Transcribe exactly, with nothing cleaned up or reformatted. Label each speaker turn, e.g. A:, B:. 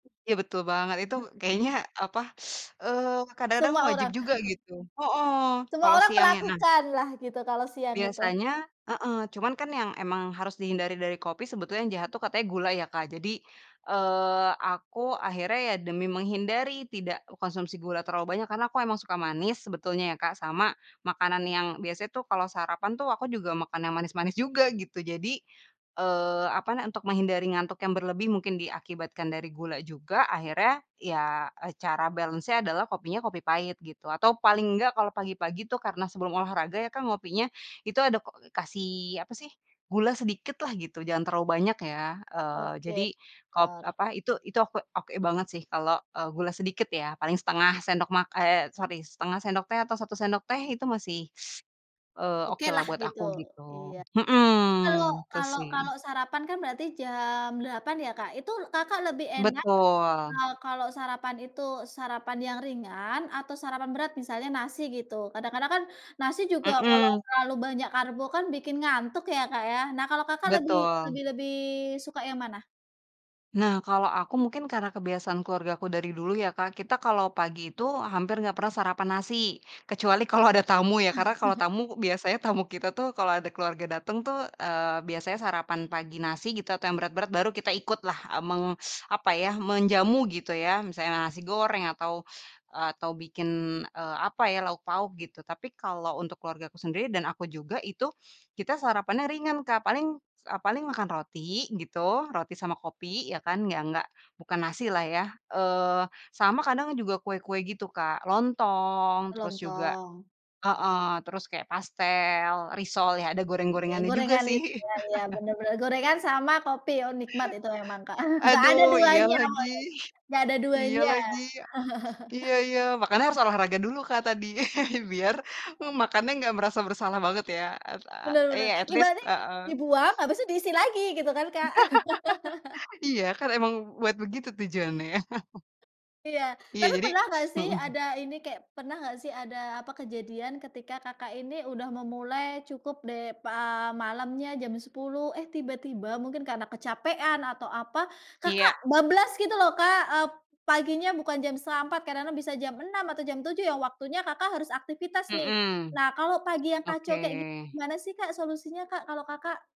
A: Iya betul banget itu
B: Aha.
A: kayaknya apa, eee, kadang-kadang
B: Semua
A: wajib
B: orang.
A: juga gitu. Hooh,
B: Semua
A: kalau
B: orang
A: siang ya, nah
B: melakukan lah gitu, kalau siang itu.
A: Biasanya heeh, cuman kan yang emang harus dihindari dari kopi sebetulnya yang jahat tuh katanya gula ya Kak. Jadi, eee, aku akhirnya ya demi menghindari tidak mengkonsumsi gula terlalu banyak karena aku emang suka manis sebetulnya ya Kak, sama makanan yang biasanya tuh kalau sarapan tuh aku juga makan yang manis-manis juga gitu, jadi, eee, apa, nah untuk menghindari ngantuk yang berlebih mungkin diakibatkan dari gula juga akhirnya ya, eee, cara balance-nya adalah kopinya, kopi pahit gitu atau paling enggak kalau pagi-pagi itu karena sebelum olahraga ya kan ngopinya itu ada ko kasih apa sih, gula sedikit lah gitu jangan terlalu banyak ya, eee,
B: Oke,
A: jadi kop
B: benar.
A: apa itu itu oke oke banget sih kalau, eee, gula sedikit ya paling setengah sendok mak eee, sorry setengah sendok teh atau satu sendok teh itu masih, eee, okelah
B: Okelah
A: buat
B: gitu.
A: aku
B: Iya,
A: gitu,
B: tapi kalau
A: mhm, gitu
B: kalau
A: sih.
B: kalau sarapan kan berarti jam delapan ya Kak, itu Kakak lebih enak
A: Betul.
B: kalau kalau sarapan itu sarapan yang ringan atau sarapan berat misalnya nasi gitu, kadang-kadang kan nasi juga kalau
A: Mhm.
B: terlalu banyak karbo kan bikin ngantuk ya Kak ya. Nah kalau Kakak lebih lebih
A: Betul.
B: lebih suka yang mana?
A: Nah kalo aku mungkin karena kebiasaan keluargaku dari dulu ya Kak, kita kalo pagi itu hampir nggak pernah sarapan nasi, kecuali kalau ada tamu ya karena kalau tamu biasanya tamu kita tuh kalau ada keluarga dateng tuh, eee, biasanya sarapan pagi nasi gitu atau yang berat-berat baru kita ikut lah, eee, meng apa ya, menjamu gitu ya, misalnya nasi goreng atau, eee, atau bikin, eee, apa ya, lauk-pauk gitu tapi kalau untuk keluargaku sendiri dan aku juga itu kita sarapannya ringan Kak, paling, eee, paling makan roti gitu, roti sama kopi ya kan, yang nggak bukan nasi lah ya, eee, sama kadang juga kue-kue gitu Kak. Lontong
B: Oh,
A: terus juga
B: Lontong.
A: heeh, terus kayak pastel, risol ya ada
B: Iya,
A: goreng-gorengannya juga
B: gorengan it
A: sih.
B: iya iya, bener bener. Gorengan sama kopi oh nikmat itu emang Kak nggak
A: Aduh
B: ada
A: iya
B: duanya
A: lagi
B: nggak ada
A: iya
B: duanya.
A: lagi, iya iya makanya harus olahraga dulu Kak tadi biar,
B: Iya.
A: mmm, makannya nggak merasa bersalah banget ya, at
B: Bener
A: eee,
B: bener,
A: iya at least
B: ibaratnya ini
A: heeh.
B: dibuang, habis itu diisi lagi gitu kan Kak.
A: Iya, kan emang buat begitu tujuannya ya.
B: Iya,
A: Iya,
B: tapi
A: jadi
B: pernah nggak sih
A: mhm.
B: ada ini kayak pernah nggak sih ada apa, kejadian ketika Kakak ini udah memulai cukup deh pa malamnya jam sepuluh, eh tiba-tiba mungkin karena kecapean atau apa, Kakak
A: Iya.
B: bablas gitu loh Kak, eee, paginya bukan jam setengah empat, kadang-kadang bisa jam enam atau jam tujuh yang waktunya Kakak harus aktivitas nih.
A: Mhm,
B: Nah kalau pagi yang kacau
A: oke.
B: kayak gitu gimana sih Kak solusinya Kak kalau Kakak?